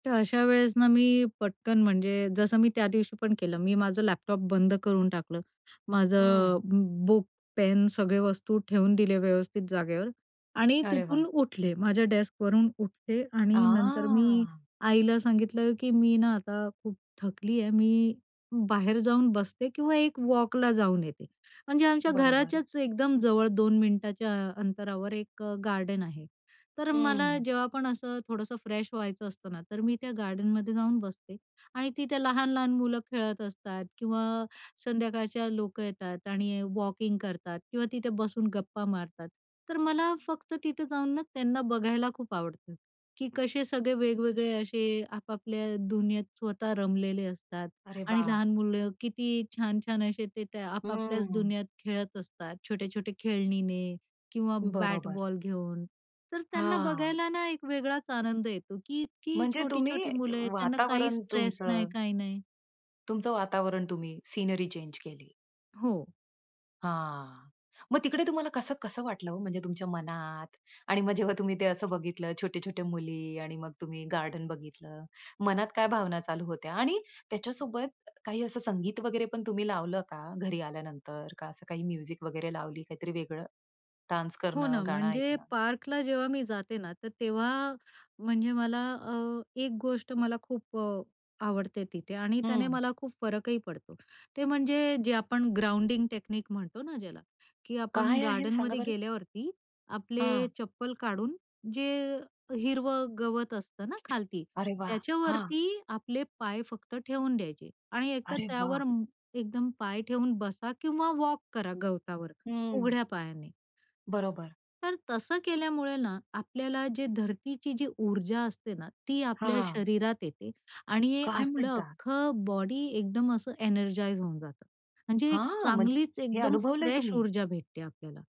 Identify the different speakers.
Speaker 1: तर अशा वेळेस ना, मी पटकन म्हणजे जसं मी त्या दिवशी पण केलं मी माझा लॅपटॉप बंद करून टाकला, माझं
Speaker 2: हं.
Speaker 1: बु बुक, पेन, सगळ्या वस्तू ठेवून दिल्या व्यवस्थित जागेवर आणि
Speaker 2: अरे वा!
Speaker 1: तिथून उठले. माझ्या डेस्कवरून उठले आणि नंतर मी
Speaker 2: आह!
Speaker 1: आईला सांगितलं की, "मी ना आता खूप थकले आहे, मी बाहेर जाऊन बसते किंवा एक वॉकला जाऊन येते." म्हणजे आमच्या
Speaker 2: बरोबर.
Speaker 1: घराच्याच एकदम जवळ 2 मिनिटांच्या अंतरावर एक गार्डन आहे. तर मला
Speaker 2: हं.
Speaker 1: जेव्हा पण असं थोडंसं फ्रेश व्हायचं असतं ना, तर मी त्या गार्डनमध्ये जाऊन बसते आणि तिथे लहान-लहान मुलं खेळत असतात किंवा संध्याकाळचे लोकं येतात आणि वॉकिंग करतात किंवा तिथे बसून गप्पा मारतात. तर मला फक्त तिथे जाऊन ना, त्यांना बघायला खूप आवडतं, की कसे सगळे वेगवेगळे असे आपापल्या दुनियेत स्वतः रमलेले असतात
Speaker 2: अरे
Speaker 1: आणि
Speaker 2: वा!
Speaker 1: लहान मुलं किती छान-छान असे ते त्या आपापल्याच
Speaker 2: हं.
Speaker 1: दुनियेत खेळत असतात, छोट्या-छोट्या खेळण्यांनी किंवा
Speaker 2: बरोबर.
Speaker 1: बॅट-बॉल घेऊन. तर त्यांना
Speaker 2: हां.
Speaker 1: बघायला ना, एक वेगळाच आनंद येतो, की इतकी
Speaker 2: म्हणजे तुम्ही
Speaker 1: छोटी-छोटी मुलं आहेत, त्यांना काही
Speaker 2: वातावरण
Speaker 1: स्ट्रेस नाही,
Speaker 2: तुमचं
Speaker 1: काही नाही.
Speaker 2: तुमचं वातावरण तुम्ही सीनरी चेंज केली.
Speaker 1: हो.
Speaker 2: हां. मग तिकडे तुम्हाला कसं-कसं वाटलं ओ? म्हणजे तुमच्या मनात आणि मग जेव्हा तुम्ही ते असं बघितलं, छोट्या-छोट्या मुली आणि मग तुम्ही गार्डन बघितलं. मनात काय भावना चालू होत्या? आणि त्याच्यासोबत काही असं संगीत वगैरे पण तुम्ही लावलं का घरी आल्यानंतर? का असं काही म्युझिक वगैरे लावली? काहीतरी वेगळं डान्स
Speaker 1: हो
Speaker 2: करणं,
Speaker 1: ना.
Speaker 2: गाणं
Speaker 1: म्हणजे
Speaker 2: ऐकणं?
Speaker 1: पार्कला जेव्हा मी जाते ना, तर तेव्हा म्हणजे मला अ, एक गोष्ट मला खूप अ, आवडते तिथे आणि त्याने
Speaker 2: हं.
Speaker 1: मला खूप फरकही पडतो. ते म्हणजे जे आपण ग्राउंडिंग टेक्निक म्हणतो ना, ज्याला, की आपण
Speaker 2: काय आहे सांगा
Speaker 1: गार्डनमध्ये
Speaker 2: बरं?
Speaker 1: गेल्यावरती आपले
Speaker 2: हां.
Speaker 1: चप्पल काढून जे हिरवं गवत असतं ना खालती,
Speaker 2: अरे वा! हां.
Speaker 1: त्याच्यावरती आपले पाय फक्त ठेवून द्यायचे आणि एकतर
Speaker 2: अरे वा!
Speaker 1: त्यावर एकदम पाय ठेवून बसा किंवा वॉक करा गवतावर
Speaker 2: हं.
Speaker 1: उघड्या पायाने.
Speaker 2: बरोबर.
Speaker 1: तर तसं केल्यामुळे ना, आपल्याला जे धरतीची जी ऊर्जा असते ना, ती आपल्या
Speaker 2: हां.
Speaker 1: शरीरात येते आणि
Speaker 2: काय
Speaker 1: आपलं
Speaker 2: म्हणता?
Speaker 1: अख्खं बॉडी एकदम असं एनर्जाइज होऊन जातं. म्हणजे एक
Speaker 2: हां, म्हणजे
Speaker 1: चांगलीच
Speaker 2: हे
Speaker 1: एकदम
Speaker 2: अनुभवलंय
Speaker 1: फ्रेश
Speaker 2: तुम्ही?
Speaker 1: ऊर्जा भेटते आपल्याला.